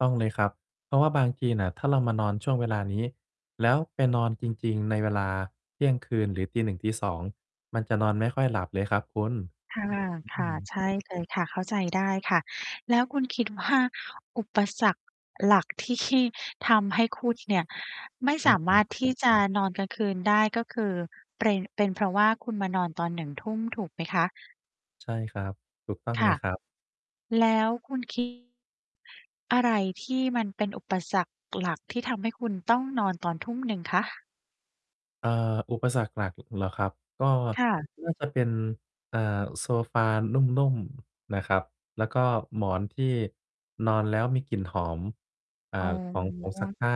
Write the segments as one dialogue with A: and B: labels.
A: ต้องเลยครับ เพราะว่าบางทีน่ะ ถ้าเรามานอนช่วงเวลานี้ แล้วไปนอนจริง ๆ ในเวลาเที่ยงคืน หรือ 1:00-2:00 มันจะนอนไม่ค่อยหลับเลยครับคุณ
B: ค
A: อื
B: ่ะ
A: อ
B: ๆ ใช่เลยค่ะ เข้าใจได้ค่ะ แล้วคุณ คิด ว่า อุปสรรคหลักที่ชี่ ทำให้คุณเนี่ย ไม่
A: อ
B: สาม
A: ือ
B: า
A: ๆ
B: รถ ที่จะนอนกลางคืนได้ ก็คือ เปร็น เป็นเพราะว่าคุณมานอนตอน 19:00 ถูกไหมคะ?
A: ใช่ครับ ถูกต้อง
B: ค
A: เล
B: ่ะ
A: ยครับ
B: แล้วคุณ คิด อะไรที่มันเป็นอุปสรรคหลักที่ทำให้คุณต้องนอนตอน 19:00 คะ?
A: อ่า อุปสรรคหลัก เหรอครับ ก็
B: ค่ะ
A: น่า จะเป็น อ่า โซฟานุ่ม ๆ นะครับ แล้วก็หมอนที่นอนแล้ว มีกลิ่นหอม อ่า
B: อ๋
A: ของผงซัก
B: อ
A: ผ้า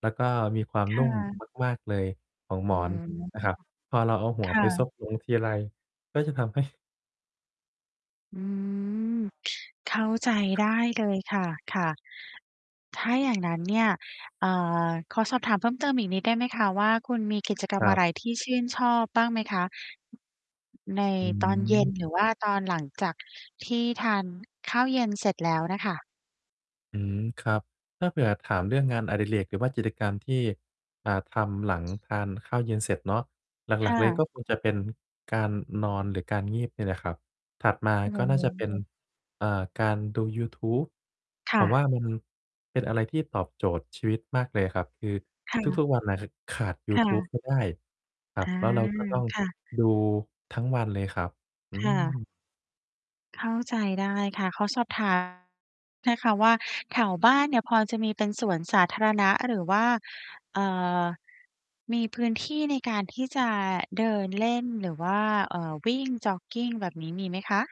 A: แล้วก็มีความ
B: ค
A: น
B: ่
A: ุ่ม
B: ะ
A: มาก ๆ เลยของ
B: โอ้
A: หม
B: โฮ!
A: อนนะครับ พอเราเอาหั
B: ค
A: วไ
B: ่
A: ปซ
B: ะ
A: บ ลง ทีไร ก็จะทำ ให้
B: อืม เข้าใจ
A: ครั
B: ได
A: บ
B: ้เลยค่ะ ค่ะ ถ้าอย่างงั้น เนี่ย อ่า ขอสอบถามเพิ่มเติมอีกนิดได้ไหมคะว่า คุณมี กิจกร
A: ค
B: รม
A: ร
B: อ
A: ั
B: ะ
A: บ
B: ไรที่ชื่นชอบบ้างไหมคะ? ใน
A: อื
B: ตอน เย็
A: ม
B: น หรือว่าตอน หลังจากที่ทานข้าวเย็นเสร็จแล้วน่ะค่ะ
A: อืม ครับ ถ้าเผื่อถามเรื่องงาน อดิเรก หรือว่ากิจกรรมที่ อ่า ทำหลังทานข้าวเย็นเสร็จเนาะ หล
B: ค
A: ัก
B: ่
A: ๆ เลย
B: ะ
A: ก็คงจะเป็นการนอน หรือการงีบ เนี่ยแหละครับ ถัดมา
B: โอ้
A: ก็น่
B: โ
A: าจะเป็น
B: ฮ!
A: อ่า การดูยูทูบ
B: ค
A: ผ
B: ่
A: ม
B: ะ
A: ว่ามันเป็นอะไรที่ตอบโจทย์ชีวิตมากเลยครับ คือ
B: ค่
A: ท
B: ะ
A: ุก ๆ วันน่ะขาดยู
B: ค่
A: ทูบ
B: ะ
A: ไม่ได้ครั
B: อ
A: บ
B: า
A: แล้วเราก็ต้อง
B: ค่ะ
A: ดูทั้งวันเลยครับ อื
B: ค่ะ
A: ม
B: เข้าใจได้ค่ะ ขอสอบ ถาม นะคะว่า แถวบ้านเนี่ยพอจะมีเป็นสวนสาธารณะ หรือว่า อ่า มีพื้นที่ในการที่จะเดินเล่น หรือว่า อ่า วิ่งจ็อกกิง แบบนี้มีไหมคะ?